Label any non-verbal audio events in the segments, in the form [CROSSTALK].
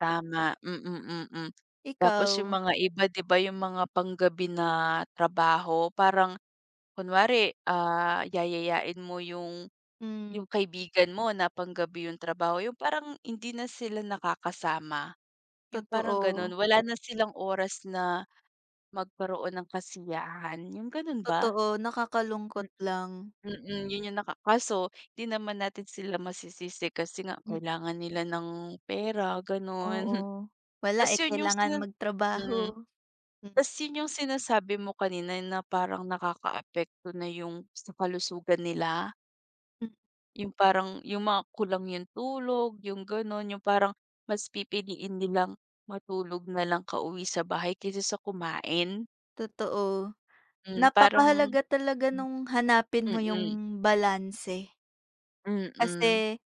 Tama mm, mm, tapos yung Ikaw? mga iba di ba yung mga panggabi na trabaho parang, kunwari ah, yayayain mo yung yung Hmm. kaibigan mo na pang-gabi yung trabaho yung parang hindi na sila nakakasama. Yung parang ganon, Totoo. wala na silang oras na, magkaroon ng kasiyahan, yung ganun ba? Totoo, nakakalungkot Mm, lang. mm, yun yung naka kaso di naman natin sila masisisi kasi nga, M kailangan nila ng pera, ganon. Oo, wala Tas eh, yun yung kailangan sina mm, magtrabaho m tas yun yung sinasabi mo kanina na parang nakaka-apekto na yung sa kalusugan nila. M Yung parang, yung mga kulang yung tulog, yung ganun yung parang, mas pipiliin nilang matulog nalang ka-uwi sa bahay kaysa sa kumain. Totoo. Hmm, parang Napaka-halaga talaga Mm. nung hanapin mo Mm. yung balanse. Mm. Kasi,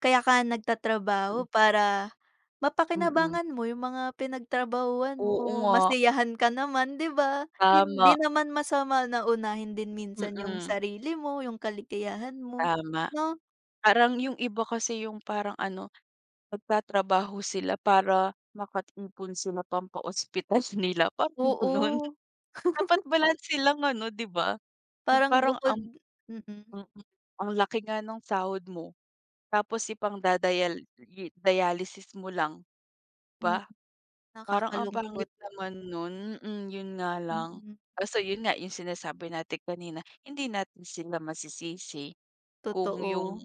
kaya ka nga nagtatrabaho Mm. para Mm. mapakinabangan mo yung mga pinagtrabahuhan Oo mo, nga. masiyahan ka naman, di ba? Hindi Tama. naman masama na unahin din minsan yung Mm. sarili mo, yung kaligayahan mo, Tama. no? Parang yung iba kasi yung parang ano, magtatrabaho sila para maka-ipon sila pampa-ospital nila parang ganun. Oo. Dapat [LAUGHS] balanse lang ano, di ba? Yung Parang parang bukod ang mm. mm ang laki nga nung sahod mo, tapos ipangda-dial i-dialysis mo lang, di Mm. ba? Parang ang pangit Nakakalungkot. naman nun hmm yun nga lang, Mm. kaso yun nga, yung sinasabi natin kanina, hindi natin sila masisisi. Kung yung, Totoo.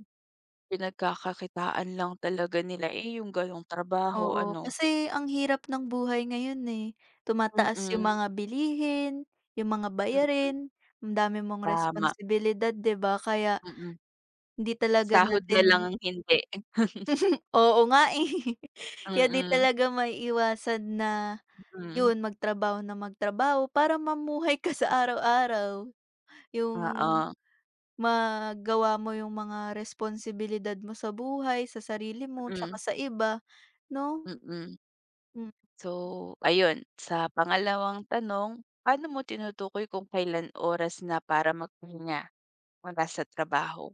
pinagkakakitaan lang talaga nila eh, yung ganong trabaho Oo, ano. kasi ang hirap ng buhay ngayon eh, tumataas yung Mm. mga bilihin, yung mga Mm. bayarin, ang dami mong Tama. responsibilidad, di ba? Kaya, Mm. hindi talaga Sahod na lang natin ang hindi. [CHUCKLES] [LAUGHS] Oo nga eh, kaya di Mm. talaga maiiwasan na, Mm. yun, mag-trabaho na mag-trabaho para mamuhay ka sa araw-araw. Yung, Oo. magawa mo yung mga responsibilidad mo sa buhay, sa sarili mo tsaka Mm. sa iba no? Mm. Hmm. So, ayun, sa pangalawang tanong, paano mo tinutukoy kung kailan oras na para magpahinga, mula sa trabaho?